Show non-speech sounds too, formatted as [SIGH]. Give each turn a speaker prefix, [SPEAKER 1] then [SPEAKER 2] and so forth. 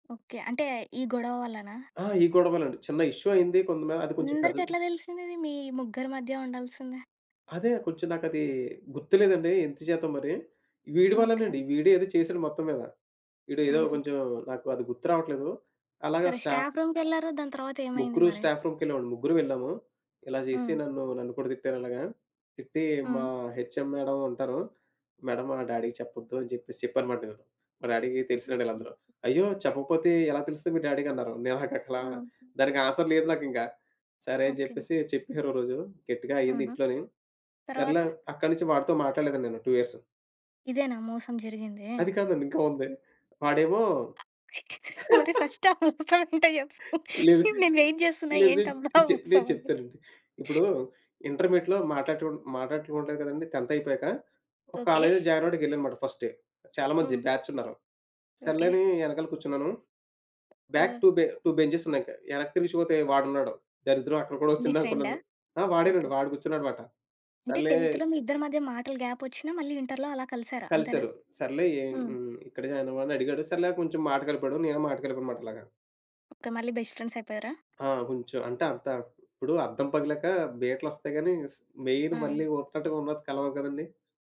[SPEAKER 1] Okay. అంటే ఈ గొడవ వల్లనా?
[SPEAKER 2] ఆ ఈ గొడవలండి. చిన్న ఇష్యూ అయింది కొంతమేర అది కొంచెం పెద్దది
[SPEAKER 1] అందరికెట్లా తెలిసిందిది? మీ ముగ్గురి మధ్య ఉండాల్సింది?
[SPEAKER 2] అదే కొంచెం నాకది గుర్తులేదండి ఎందు చేత మరి. వీడి
[SPEAKER 1] ఓకె.
[SPEAKER 2] వల్లేనండి వీడు ఏదో చేసాడు మొత్తం మీద. వీడు ఏదో
[SPEAKER 1] హుహు.
[SPEAKER 2] కొంచెం నాకు అది గుర్తు రావట్లేదు. అలాగ
[SPEAKER 1] సరే,
[SPEAKER 2] స్టాఫ్
[SPEAKER 1] స్టాఫ్ రూమ్‌కెళ్లారు. దాని తరువాతేమైంది
[SPEAKER 2] ముగ్గురు
[SPEAKER 1] మరి?
[SPEAKER 2] స్టాఫ్ రూమ్‌కి వెళ్ళామండి. ముగ్గురూ వెళ్ళాము. ఇలా చేసి
[SPEAKER 1] హ్మ్.
[SPEAKER 2] నన్ను నన్ను కూడా తిట్టారు అలాగా. తిట్టి మా
[SPEAKER 1] హ్మ్.
[SPEAKER 2] హెచ్ఎం మేడం ఉంటారు. మేడం, మా డ్యాడీకి చెప్పొద్దు అని చెప్పేసి చెప్పాననమాట. నేను మా డ్యాడీకి తెలిసినాళ్ళే
[SPEAKER 1] ఓకె.
[SPEAKER 2] వీళ్ళందరూ. "అయ్యో! చెప్పకపోతే ఎలా తెలుస్తుంది మీ డ్యాడీకి" అన్నారు. నాకట్లా
[SPEAKER 1] ఆ!
[SPEAKER 2] దానికి ఆన్సర్ లేదు నాకింక. సరే అని
[SPEAKER 1] ఓకె.
[SPEAKER 2] చెప్పేసి చెప్పేసారు ఒకరోజు గట్టిగా అయింది
[SPEAKER 1] ఆహా!
[SPEAKER 2] ఇంట్లోనీ.
[SPEAKER 1] తర్వాత?
[SPEAKER 2] సర్లే అక్కడి నుంచి వాడితో మాట్లాడలేదండి నేను 2 ఇయర్సు.
[SPEAKER 1] ఇదేనా మోసం జరిగిందీ?
[SPEAKER 2] అది కాదండి. ఇంకా ఉంది. వాడేమో
[SPEAKER 1] మరి
[SPEAKER 2] [LAUGHS]
[SPEAKER 1] ఫస్ట్ ఆ మోసం ఏంటో చెప్పు.
[SPEAKER 2] లేదు.
[SPEAKER 1] నేను వెయిట్ చేస్తున్నా
[SPEAKER 2] లేదు.
[SPEAKER 1] ఏంటబ్బా
[SPEAKER 2] చె నేను
[SPEAKER 1] మోసమని?
[SPEAKER 2] చెప్తానండి. ఇప్పుడు ఇంటర్మీడియేట్‌లో మాట్లాడుటు మాట్లాడటం ఉండదు కదండీ! 10థ్ అయిపోయాక ఒక
[SPEAKER 1] ఓకె. [CHUCKLES]
[SPEAKER 2] కాలేజ్‌లో జాయిన్ అవ్వడానికి వెళ్ళానన్నమాట ఫస్ట్ డే. చాలా మంది
[SPEAKER 1] హ్మ్.
[SPEAKER 2] బ్యాచ్ ఉన్నారు. సర్లే
[SPEAKER 1] ఓకె.
[SPEAKER 2] అని వెనకాల కూర్చున్నాను. బ్యాక్
[SPEAKER 1] ఆ!
[SPEAKER 2] 2 బె 2 బెంచెస్ ఉన్నాయి ఇంకా వెనక్కి తిరిగి చూస్తే వాడున్నాడు. దరిద్రం అక్కడ కూడా
[SPEAKER 1] నీ ఫ్రెండా?
[SPEAKER 2] వచ్చిందనుకున్నాను. ఆ! వాడేనండి
[SPEAKER 1] ఓకె.
[SPEAKER 2] వాడు కూర్చున్నాడన్నమాట.
[SPEAKER 1] అంటే
[SPEAKER 2] సర్లే
[SPEAKER 1] 10త్‌లో మీ ఇద్దరి మధ్య మాటలు గ్యాపొచ్చినా మళ్ళి ఇంటర్‌లో అలా కలిసారా అంతేనా?
[SPEAKER 2] కలిసారు. సర్లే ఎ
[SPEAKER 1] హ్మ్.
[SPEAKER 2] హ్మ్. ఇక్కడ జాయిన్ అయ్యావు అని అడిగాడు. సర్లే కొంచెం మాట కలిపాడు. నేనే మాట కలిపానుమాట అలాగా.
[SPEAKER 1] ఓకె. మళ్ళీ బెస్ట్ ఫ్రెండ్స్ అయిపోయారా?
[SPEAKER 2] ఆ! కొంచెం. అంటే అంత ఇప్పుడు అద్దం పగిలాక బీట్ల వస్తాయి కానీ స్ మెయిన్
[SPEAKER 1] ఆ!
[SPEAKER 2] మళ్ళీ ఒక్కటిగున్నట్టు కలవవు కదండీ!